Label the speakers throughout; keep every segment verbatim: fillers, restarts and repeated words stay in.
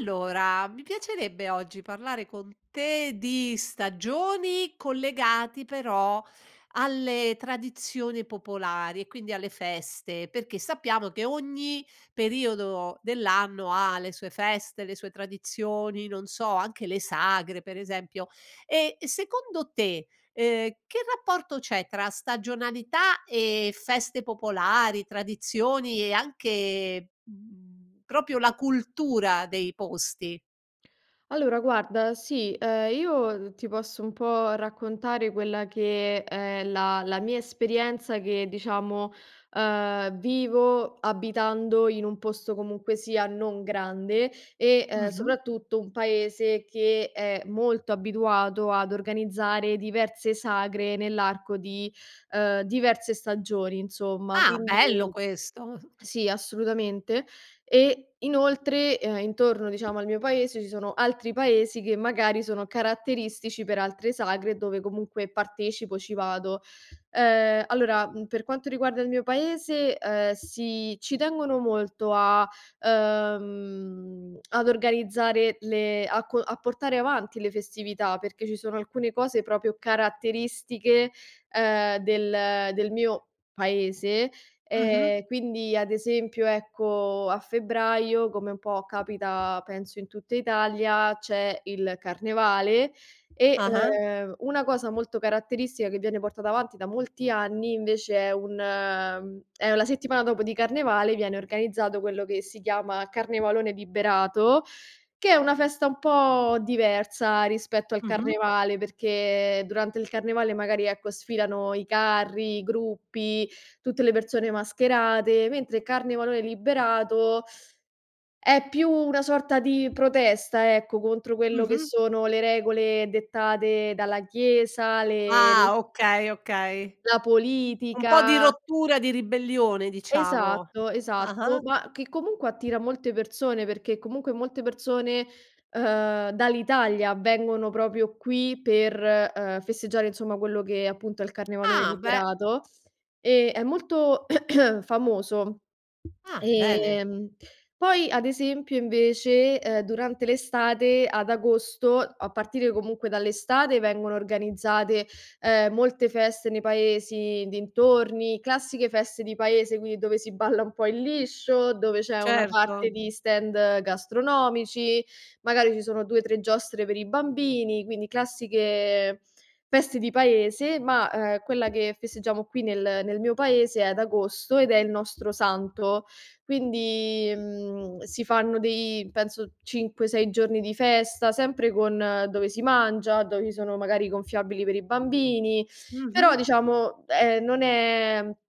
Speaker 1: Allora, mi piacerebbe oggi parlare con te di stagioni, collegati, però, alle tradizioni popolari e quindi alle feste, perché sappiamo che ogni periodo dell'anno ha le sue feste, le sue tradizioni, non so, anche le sagre, per esempio, e, secondo te, ehm, che rapporto c'è tra stagionalità e feste popolari, tradizioni e anche, mhmm, propio la cultura dei posti?
Speaker 2: Allora, guarda, sì, ehm, io ti posso un po' raccontare quella che, ehm, è la la mia esperienza, che, diciamo, ehm, vivo abitando in un posto comunque sia non grande e, ehm,
Speaker 1: Mh-mh.
Speaker 2: soprattutto un paese che è molto abituato ad organizzare diverse sagre nell'arco di, ehm, diverse stagioni insomma,
Speaker 1: Ah, bello
Speaker 2: quindi
Speaker 1: questo!
Speaker 2: sì, assolutamente. E inoltre, ehm, intorno diciamo al mio paese ci sono altri paesi che magari sono caratteristici per altre sagre, dove comunque partecipo, ci vado. Ehm, allora, mhmm, per quanto riguarda il mio paese, ehm, sì ci tengono molto a ehm, ad organizzare le a co a portare avanti le festività, perché ci sono alcune cose propio caratteristiche, ehm, del del mio paese,
Speaker 1: Mh-mh.
Speaker 2: ehm, quindi, ad esempio, ecco, a febbraio, come un po' capita penso in tutta Italia c'è il carnevale e,
Speaker 1: Ah-ah.
Speaker 2: ehm, una cosa molto caratteristica che viene portata avanti da molti anni, invece, è un è la settimana dopo di carnevale, viene organizzato quello che si chiama carnevalone liberato, che è una festa un po' diversa rispetto al
Speaker 1: Mh-mh.
Speaker 2: carnevale, perché durante il carnevale magari, ecco, sfilano i carri, i gruppi, tutte le persone mascherate, mentre il carnevalone liberato è più una sorta di protesta, ecco, contro quello che
Speaker 1: Mh-mh.
Speaker 2: sono le regole dettate dalla chiesa, le
Speaker 1: Ah okay, okay,
Speaker 2: La
Speaker 1: un po' di
Speaker 2: politica.
Speaker 1: rottura di ribellione, diciamo,
Speaker 2: Esatto, esatto,
Speaker 1: ah-ah.
Speaker 2: ma che comunque attira molte persone, perché comunque molte persone, ehm, dall'Italia vengono propio qui per, ehm, festeggiare, insomma, quello che appunto è il carnevalone
Speaker 1: Ah, beh.
Speaker 2: liberato e è molto famoso,
Speaker 1: Ah, bene!
Speaker 2: ehm, poi, ad esempio, invece, ehm, durante l'estate, ad agosto, a partire comunque dall'estate vengono organizzate, ehm, molte feste nei paesi, dintorni, classiche feste di paese, quindi dove si balla un po' il liscio, dove c'è una parte
Speaker 1: Certo.
Speaker 2: di stand gastronomici, magari ci sono due tre giostre per i bambini, quindi classiche feste di paese, ma, ehm, quella che festeggiamo qui nel nel mio paese è ad agosto, ed è il nostro santo quindi, mhmm, si fanno dei penso cinque, sei giorni di festa, sempre con dove si mangia, dove ci sono magari gonfiabili per i bambini, però
Speaker 1: Mh-mh.
Speaker 2: diciamo è non è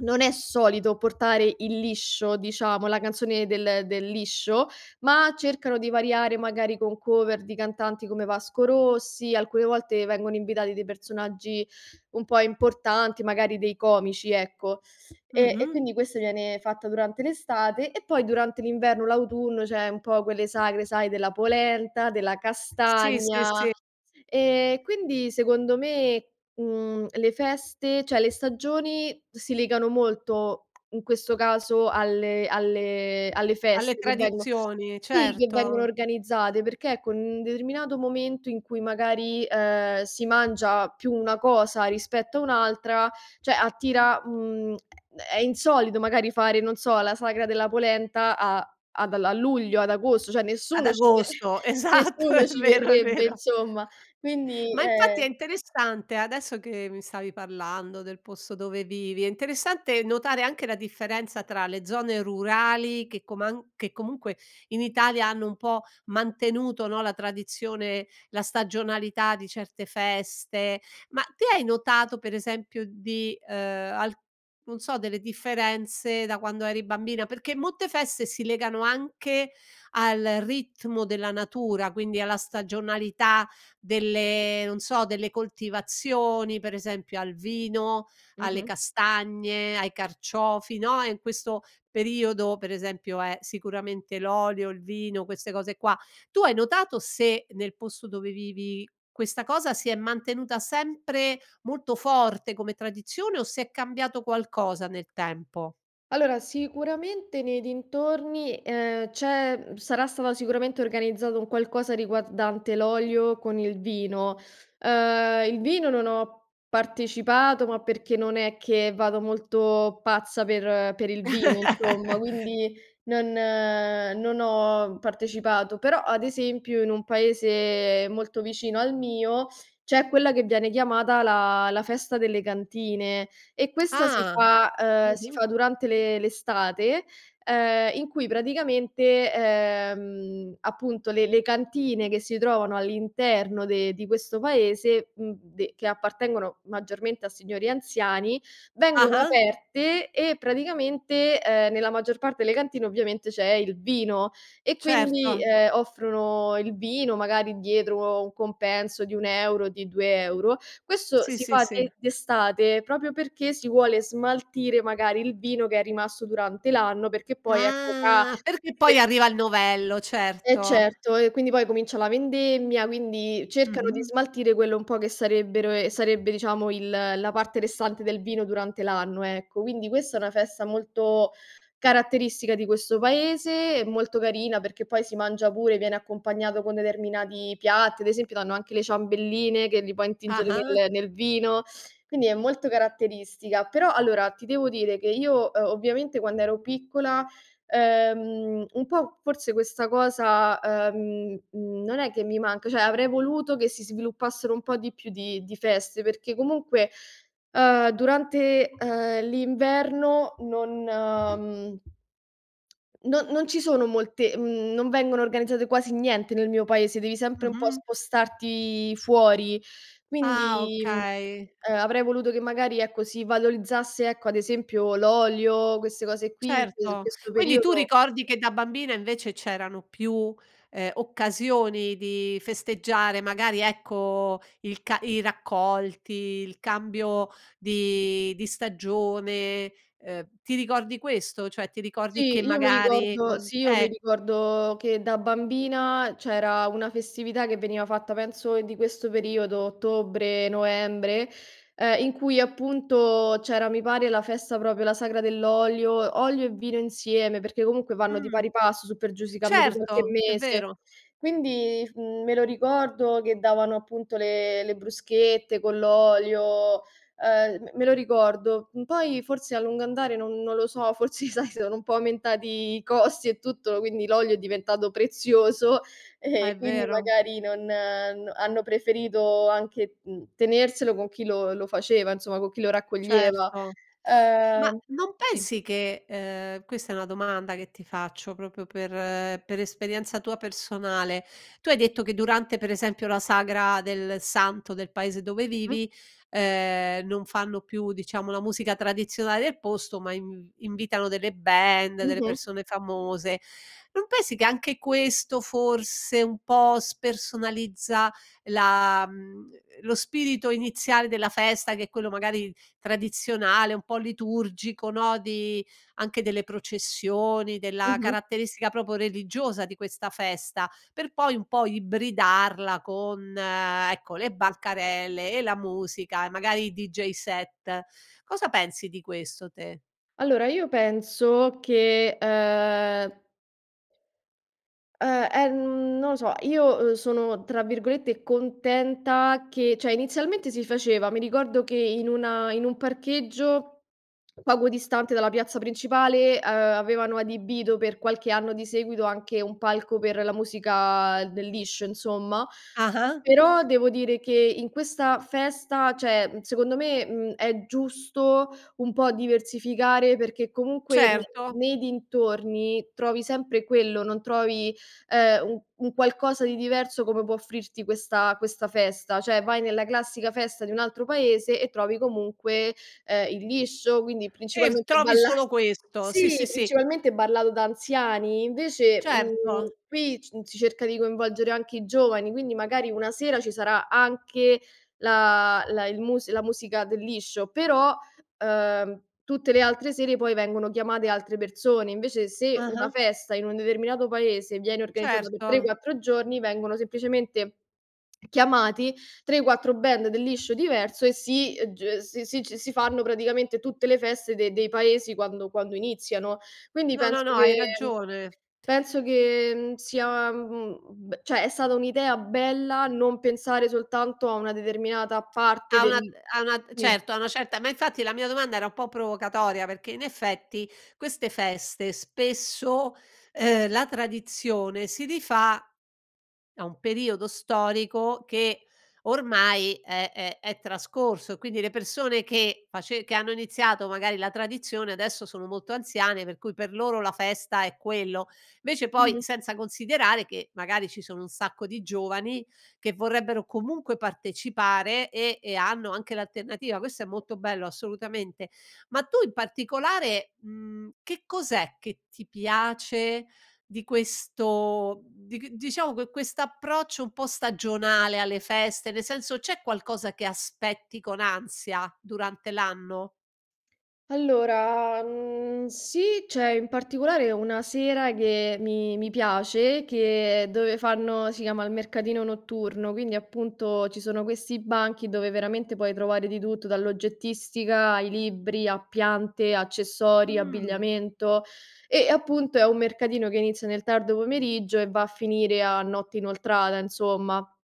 Speaker 2: non è solito portare il liscio, diciamo, la canzone del del liscio, ma cercano di variare, magari con cover di cantanti come Vasco Rossi, alcune volte vengono invitati dei personaggi un po' importanti, magari dei comici, ecco, e e
Speaker 1: Mh-mh.
Speaker 2: quindi questo viene fatta durante l'estate e poi durante l'inverno, l'autunno c'è un po' quelle sagre, sai, della polenta, della
Speaker 1: Sì, sì,
Speaker 2: castagna,
Speaker 1: sì.
Speaker 2: ehm, quindi, secondo me, mhmm, le feste ceh le stagioni si legano molto in questo caso alle alle alle
Speaker 1: Alle
Speaker 2: feste che vengo
Speaker 1: tradizioni,
Speaker 2: sì, che vengono
Speaker 1: certo.
Speaker 2: organizzate perché con un determinato momento in cui magari, ehm, si mangia più una cosa rispetto a un'altra, ceh, attira mhmm, è è insolito magari fare, non so, la sagra della polenta a ad a luglio, ad agosto, ceh
Speaker 1: Ad
Speaker 2: nessuno ci ve
Speaker 1: agosto, esatto,
Speaker 2: nessuno
Speaker 1: è
Speaker 2: ci
Speaker 1: vero, è
Speaker 2: verrebbe,
Speaker 1: vero.
Speaker 2: insomma. Quindi,
Speaker 1: Ma infatti è
Speaker 2: ehm
Speaker 1: interessante, adesso che mi stavi parlando del posto dove vivi, è interessante notare anche la differenza tra le zone rurali che coman che comunque in Italia hanno un po' mantenuto, no, la tradizione, la stagionalità di certe feste, ma te hai notato, per esempio, di, ehm, al non so delle differenze da quando eri bambina perché molte feste si legano anche al ritmo della natura, quindi alla stagionalità delle, non so, delle coltivazioni, per esempio al vino alle
Speaker 2: Mh-mh.
Speaker 1: castagne, ai carciofi, no, e in questo periodo, per esempio, è sicuramente l'olio, il vino, queste cose qua; tu hai notato se nel posto dove vivi questa cosa si è mantenuta sempre molto forte come tradizione o se è cambiato qualcosa nel tempo?
Speaker 2: Allora, sicuramente, nei dintorni, ehm, c'è sarà stata sicuramente organizzato un qualcosa riguardante l'olio con il vino. Ehm, il vino non ho partecipato, ma perché non è che vado molto pazza per per il vino insomma, quindi non non ho partecipato, però, ad esempio, in un paese molto vicino al mio c'è quella che viene chiamata la la festa delle cantine e questa si
Speaker 1: Ah,
Speaker 2: fa ehm, si
Speaker 1: mh-mh.
Speaker 2: fa durante le l'estate, ehm, in cui praticamente, ehm, appunto le le cantine che si trovano all'interno de di questo paese, mhmm, de che appartengono maggiormente a signori anziani, vengono
Speaker 1: Ah-ah.
Speaker 2: aperte e praticamente, ehm, nella maggior parte le cantine ovviamente c'è il vino e, quindi,
Speaker 1: Certo.
Speaker 2: ehm, offrono il vino magari dietro un compenso di un euro di due euro, questo
Speaker 1: Sì,
Speaker 2: si
Speaker 1: sì,
Speaker 2: fa d
Speaker 1: sì.
Speaker 2: d'estate propio perché si vuole smaltire magari il vino che è rimasto durante l'anno, perché poi, ecco, là
Speaker 1: Ah, perché poi
Speaker 2: se
Speaker 1: arriva il novello,
Speaker 2: Eh
Speaker 1: certo.
Speaker 2: certo, e quindi poi comincia la vendemmia, quindi cercano di
Speaker 1: Mh-mh.
Speaker 2: smaltire quello un po' che sarebbero ehm, sarebbe, diciamo, il la parte restante del vino durante l'anno, ecco, quindi questa è una festa molto caratteristica di questo paese e molto carina perché poi si mangia pure, viene accompagnato con determinati piatti, ad esempio, danno anche le ciambelline che li puoi intingere
Speaker 1: Ah-ah.
Speaker 2: nel nel vino, quindi è molto caratteristica, però, allora, ti devo dire che io, uhm, ovviamente quando ero piccola, ehm, un po' forse questa cosa, ehm, mhmm, non è che mi manca, cioè avrei voluto che si sviluppassero un po' di più di di feste, perché comunque, ehm, durante, ehm, l'inverno non, mhmm, no non ci sono molte mhmm, non vengono organizzate quasi niente nel mio paese, devi sempre un po'
Speaker 1: Mh-mh.
Speaker 2: spostarti fuori,
Speaker 1: Ah,
Speaker 2: quindi, mhmm,
Speaker 1: okay.
Speaker 2: ehm, avrei voluto che magari ecco, si valorizzasse, ecco, ad esempio, l'olio, queste cose qui che in
Speaker 1: Certo!
Speaker 2: questo
Speaker 1: Quindi tu
Speaker 2: periodo
Speaker 1: ricordi che da bambina, invec,e c'erano più, ehm, occasioni di festeggiare, magari, ecco, il ca i raccolti, il cambio di di stagione, ehm, ti ricordi questo? Cioè, ti ricordi che
Speaker 2: Sì, io mi
Speaker 1: magari
Speaker 2: ricordo
Speaker 1: con
Speaker 2: sì, io mi
Speaker 1: eh.
Speaker 2: ricordo che da bambina c'era una festività che veniva fatta penso di questo periodo, ottobre, novembre, ehm, in cui, appunto, c'era mi pare la festa propio, la sagra dell'olio, olio e vino insieme, perché comunque vanno di
Speaker 1: Mh.
Speaker 2: pari passo su per giù si cambia di qualche
Speaker 1: Certo, è
Speaker 2: mese,
Speaker 1: vero.
Speaker 2: quindi, mhmm, me lo ricordo che davano, appunto, le le bruschette con l'olio, ehm, me lo ricordo. Poi forse a lungo andare non non lo so, forse, sai, sono un po' aumentati i costi e tutto, quindi l'olio è diventato prezioso
Speaker 1: Ah,
Speaker 2: e
Speaker 1: è
Speaker 2: quindi
Speaker 1: vero.
Speaker 2: magari non n hanno preferito anche, mhmm, tenerselo con chi lo lo faceva, nsoma, con chi lo raccoglieva,
Speaker 1: Certo, ma
Speaker 2: ehm,
Speaker 1: non
Speaker 2: sì.
Speaker 1: pensi che ehm, questa è una domanda che ti faccio, propio per per esperienza tua personale, tu hai detto che durante per esempio durante la sagra del santo del paese dove
Speaker 2: Mh.
Speaker 1: vivi, ehm, non fanno più, diciamo, la musica tradizionale del posto, ma in invitano delle band, delle
Speaker 2: Mh-mh.
Speaker 1: persone famose, non pensi che anche questo forse un po' spersonalizza la mhmm, uhm, lo spirito iniziale della festa che è quello magari tradizionale, un po' liturgico, no, di anche delle processioni, della
Speaker 2: Mh-mh.
Speaker 1: caratteristica propo religiosa di questa festa, per poi un po' ibridarla con, ecco, le bancarelle e la musica e magari i DJ set, cosa pensi di questo te?
Speaker 2: Allora, io penso che, ehm uhm, ehm, non lo so, io, ehm, sono, tra virgolette, "contenta" che ceh inizialmente si faceva mi ricordo che in una in un parcheggio poco distante dalla piazza principale, ehm, avevano adibito per qualche anno di seguito anche un palco per la musica del liscio, insomma,
Speaker 1: Ah-ah.
Speaker 2: però devo dire che in questa festa ceh secondo me, mhmm, è giusto un po' diversificare, perché comunque ne
Speaker 1: Certo.
Speaker 2: nei dintorni trovi sempre quello, non trovi, ehm, u un qualcosa di diverso come può offrirti questa questa festa, ceh vai nella classica festa di un altro paese e trovi comunque, ehm, il liscio, quindi
Speaker 1: E
Speaker 2: principalmente
Speaker 1: trovi
Speaker 2: balla
Speaker 1: solo questo, sì, sì,
Speaker 2: sìc,
Speaker 1: sì.
Speaker 2: principalmente ballato da anziani invece, mhmm,
Speaker 1: Certo.
Speaker 2: qui, mhmm, s si cerca di coinvolgere anche i giovani, quindi magari una sera ci sarà anche la la il mus la musica del liscio, però, ehm, tutte le altre sere poi vengono chiamate altre persone, invece se una
Speaker 1: Ah-ah.
Speaker 2: festa in un determinato paese, viene organizzata per tre
Speaker 1: Certo.
Speaker 2: quattro giorni, vengono semplicemente chiamati tre quattro band del liscio diverso e si ehm, g si ci si fanno praticamente tutte le feste de dei paesi quando quando iniziano. Quindi
Speaker 1: No, no,
Speaker 2: penso
Speaker 1: no, hai
Speaker 2: che
Speaker 1: ragione.
Speaker 2: penso che, mhmm, sia, mhmm, b ceh, è stata un'idea bella non pensare soltanto a una determinata parte
Speaker 1: A una
Speaker 2: del
Speaker 1: a una
Speaker 2: sì.
Speaker 1: certo, a una certa ma infatti la mia domanda era un po' provocatoria, perché in effetti queste feste spesso ehm, la tradizione si rifà a un periodo storico che ormai è è è trascorso e quindi le persone che face che hanno iniziato magari la tradizione, adesso sono molto anziane per cui per loro la festa è quello. Invece, poi,
Speaker 2: Mh-mh.
Speaker 1: senza considerare che magari ci sono un sacco di giovani che vorrebbero comunque partecipare e e hanno anche l'alternativa; questo è molto bello assolutamente. Ma tu in particolare, mhmm, che cos'è che ti piace di questo, mhmm, dic diciamo que quest'approccio un po' stagionale alle feste, nel senso, c'è qualcosa che aspetti con ansia durante l'anno?
Speaker 2: Allora, mhmm, sì, c'è in particolare una sera che mi mi piace, che dove fanno si chiama il mercatino notturno, quindi, appunto, ci sono questi banchi dove veramente puoi trovare di tutto, dall'oggettistica, ai libri, a piante, accessori,
Speaker 1: Mh.
Speaker 2: abbigliamento e, appunto, è un mercatino che inizia nel tardo pomeriggio e va a finire a notte inoltrata, insomma.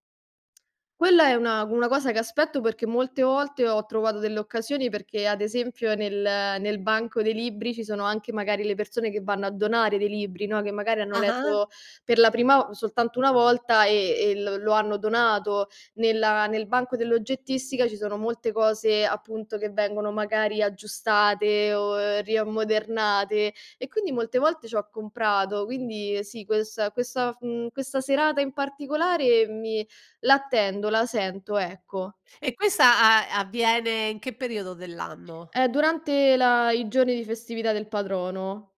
Speaker 2: Quella è una una cosa che aspetto perché molte volte ho trovato delle occasioni perché, ad esempio, nel nel banco dei libri ci sono anche magari le persone che vanno a donare dei libri, no, che magari hanno
Speaker 1: Ah-ah.
Speaker 2: letto per la prima soltanto una volta e e l lo hanno donato nella nel banco dell'oggettistica ci sono molte cose, appunto, che vengono magari aggiustate o riammodernate e quindi molte volte c'ho comprato, quindi, sì, questa questa mhmm, questa serata in particolare mi l'attendo, la sento, ecco.
Speaker 1: E questa a avviene in che periodo dell'anno?
Speaker 2: È durante la i giorni di festività del patrono.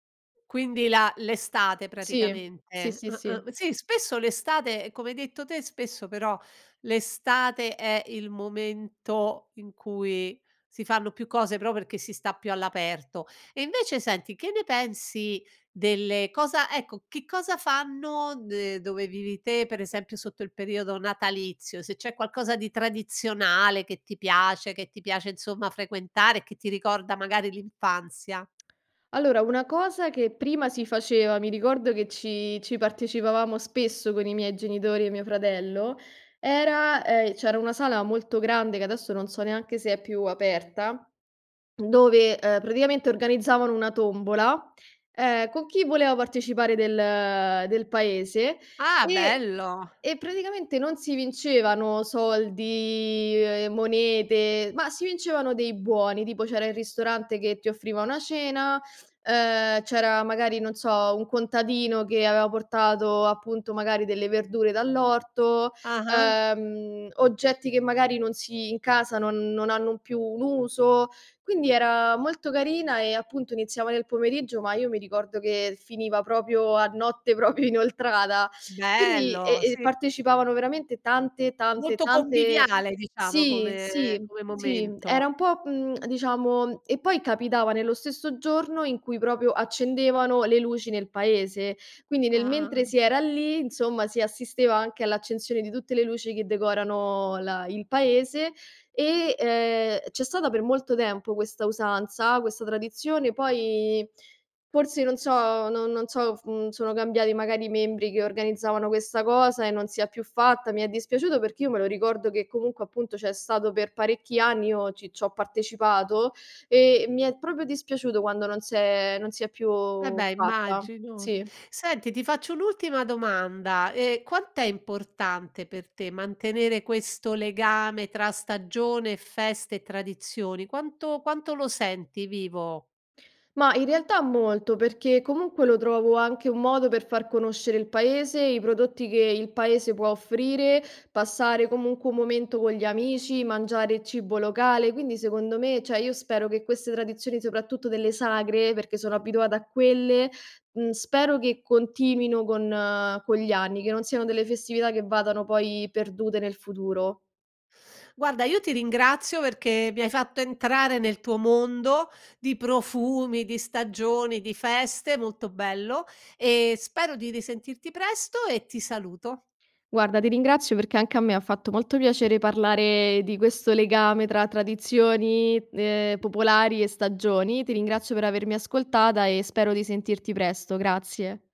Speaker 1: Quindi la l'estate
Speaker 2: Sì, sì,
Speaker 1: praticamente,
Speaker 2: sì,
Speaker 1: ah-ah,
Speaker 2: sì.
Speaker 1: sì. spesso l'estate come hai detto te, spesso però l'estate è il momento in cui si fanno più cose, pro perché si sta più all'aperto e invece, senti, che ne pensi delle cosa ecco, che cosa fanno de dove vivi te, per esempio, sotto il periodo natalizio? Se c'è qualcosa di tradizionale che ti piace, che ti piace, insomma, frequentare, che ti ricorda magari l'infanzia.
Speaker 2: Allora, una cosa che prima si faceva, mi ricordo che ci ci partecipavamo spesso con i miei genitori e mio fratello, era ehm, c'era una sala molto grande che adesso non so neanche se è più aperta, dove, ehm, praticamente organizzavano una tombola, ehm, co' chi voleva partecipare del del paese,
Speaker 1: Ah,
Speaker 2: e
Speaker 1: bello!
Speaker 2: e praticamente non si vincevano soldi, ehm, monete, ma si vincevano dei buoni, tipo c'era il ristorante che ti offriva una cena, ehm, c'era, magari, non so, un contadino che avea portato, appunto, magari delle verdure dall'orto,
Speaker 1: Ah-ah.
Speaker 2: ehm, oggetti che magari non si in casa non non hanno più un uso, quindi era molto carina e, appunto, iniziava nel pomeriggio, ma io mi ricordo che finiva propio a notte propio inoltrata, quindi
Speaker 1: Bello,
Speaker 2: e e
Speaker 1: sì.
Speaker 2: partecipavano veramente tante, tante,
Speaker 1: Molto
Speaker 2: tante
Speaker 1: conviviale, diciamo,
Speaker 2: sì,
Speaker 1: come
Speaker 2: sì,
Speaker 1: come
Speaker 2: sì, era
Speaker 1: momento.
Speaker 2: un po' mhmm, diciamo e poi capitava nello stesso giorno in cui propio accendevano le luci nel paese, quindi nel mentre
Speaker 1: Ah.
Speaker 2: si era lì, insomma, si assisteva anche all'accensione di tutte le luci che decorano la il paese e, ehm, c'è stata per molto tempo questa usanza, questa tradizione, poi forse non so, no non so, mhmm, sono cambiati magari i membri che organizzavano questa cosa e non si è più fatta, mi è dispiaciuto perché io me lo ricordo che comunque, appunto, c'è stato per parecchi anni, io ci c'ho partecipato e mi è propio dispiaciuto quando non s'è non si è più
Speaker 1: Vabbè,
Speaker 2: fatta,
Speaker 1: immagino.
Speaker 2: sì.
Speaker 1: Senti, ti faccio un'ultima domanda: ehm, quant'è importante per te mantenere questo legame tra stagione e feste e tradizioni? Quanto quanto lo senti vivo?
Speaker 2: Ma, in realtà, molto perché comunque lo trovo anche un modo per far conoscere il paese, i prodotti che il paese può offrire, passare comunque un momento con gli amici, mangiare cibo locale, quindi, secondo me, cioè io spero che queste tradizioni, soprattutto delle sagre perché sono abituate a quelle mhmm, spero che continuino con con gli anni, che non siano delle festività che vadano poi perdute nel futuro.
Speaker 1: Guarda, io ti ringrazio perché mi hai fatto entrare nel tuo mondo di profumi, di stagioni, di feste, molto bello e spero di risentirti presto e ti saluto.
Speaker 2: Guarda, ti ringrazio perché anche a me fatto molto piacere parlare di questo legame tra tradizioni, ehm, popolari e stagioni. Ti ringrazio per avermi ascoltata e spero di sentirti presto. Grazie.